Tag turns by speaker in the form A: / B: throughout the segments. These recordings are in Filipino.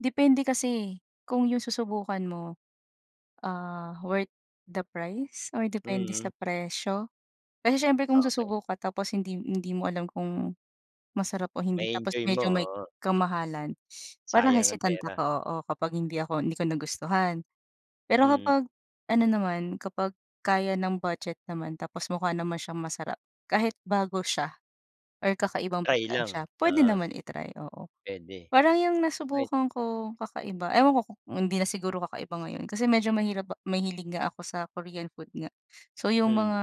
A: Depende kasi kung yung susubukan mo, ah, "worth the price" or depende sa
B: Mm.
A: presyo, kasi siyempre, kung
B: Okey.
A: susubok ka tapos hindi hindi mo alam kung masarap o hindi, tapos
B: Ma-e-enjoy mo,
A: medyo may
B: oo.
A: kamahalan, parang
B: Sayang ang
A: hesitant
B: pera.
A: ako oo, kapag hindi ako hindi ko nagustuhan. Pero
B: Mm.
A: kapag, ano naman, kapag kaya ng budget naman tapos mukha naman siyang masarap, kahit bago siya or kakaibang
B: Try
A: pagkain siya
B: lang,
A: pwede
B: oo.
A: naman i-try, oo.
B: Puwede.
A: Parang yung
B: Puwed
A: nasubukan ko kakaiba ewan ko kung hindi na siguro kakaiba ngayon kasi medyo mahirap ma mahilig nga ako sa Korean food nga, so, yung
B: Mhm.
A: mga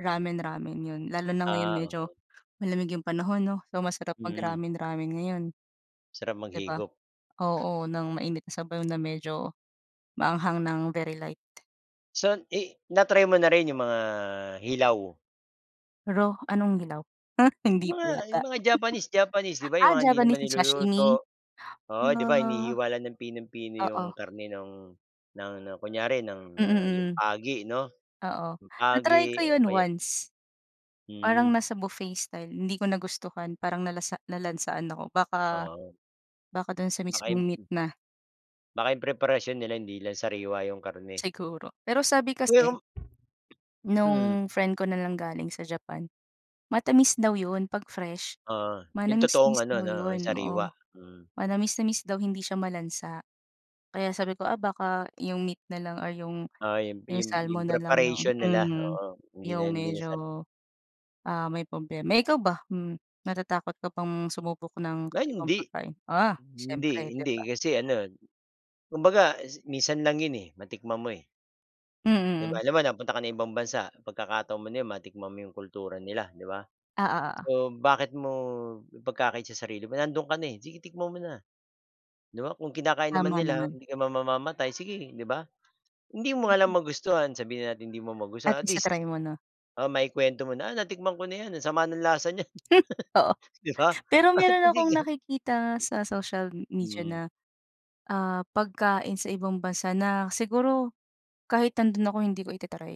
A: ramen-ramen 'yon lalo na ngayon
B: Ah,
A: medyo
B: okey.
A: malamig yung panahon 'no? So, masarap mag
B: Hmm.
A: ramen-ramen ngayon.
B: Sarap
A: 'Di ba?
B: maghigop.
A: Oo, nang mainit na sabaw na medyo maanghang ng very light.
B: So i na-try mo na rin yung mga hilaw?
A: Raw, anong hilaw?
B: Yung
A: Hindi
B: mga
A: po yata.
B: yung mga Japanese Japanese ,'di ba, yung
A: ah,
B: mga hindi naman
A: Japanese ni sashimi,
B: niluluto. Oo, di ba
A: ah,
B: hinihiwa lang ng pinung-pino yung
A: oo.
B: karne nung ng ng kunyari ng, ah, yung
A: Mm, hmm.
B: pagi, 'no?
A: Oo,
B: Yung
A: na-try
B: pagi
A: ko
B: o
A: 'yon
B: kaya
A: once. Parang
B: Hmm.
A: nasa buffet style hindi ko nagustuhan parang nalasa nalansahan ako baka
B: Oo.
A: baka do'n sa
B: Baka
A: mismong
B: yung
A: meat na.
B: Baka yung preparasyon nila hindi lang sariwa yung karne.
A: Siguro, pero sabi kasi
B: [unintelligible] Mm.
A: nung friend ko nanggaling sa Japan, matamis daw 'yon 'pag fresh.
B: Ah, yung totoong
A: Manamis-namis
B: ano
A: daw
B: 'no
A: 'yon,
B: sariwa,
A: oo.
B: mm.
A: Manamis-namis daw hindi siya malansa. Kaya sabi ko, "Ah, baka yung meat nalang or yung
B: Ah, yung
A: yung
B: yung yung
A: salmon nalang yung
B: preparation nila,
A: hmm,
B: oo hindi
A: yung
B: na hindi na sari
A: medyo, ah, may problema." Eh, ikaw ba, hmm, natatakot ka bang sumubok ng
B: Hala,
A: ibang
B: hindi.
A: pagkain? Ah,
B: Hindi
A: siyempre, 'di
B: hindi
A: ba?
B: kasi ano, kumbaga si minsan lang 'yon, eh, matikman mo, eh. 'Di
A: Mhm,
B: ba,
A: hmm.
B: halimbawa nagpunta ka ng ibang bansa, pagkakataon mo na 'yon matikman mo yung kultura nila, 'di ba?
A: Ah, o oo.
B: So, bakit mo ipagkakait sa sarili mo, nandoon ka na, eh, sige titikman mo na. 'Di ba, kung kinakain naman
A: Tama
B: nila
A: naman.
B: hindi ka mamamatay, sige, 'di ba? Hindi mo nga
A: Mhm.
B: lang magustuhan, sabihin natin hindi mo magustuhan
A: At
B: at
A: least
B: least
A: na-try mo 'no?
B: oo maikwento mo na, "Natikman ko na 'yan ang sama ng lasa niyan",
A: Hmm, oo.
B: 'di ba?
A: Pero
B: Oh
A: meron akong
B: hindi ka
A: nakikita sa social media na,
B: Mm.
A: ah, pagkain sa ibang bansa na siguro kahit nando'n ako hindi ko ita-try.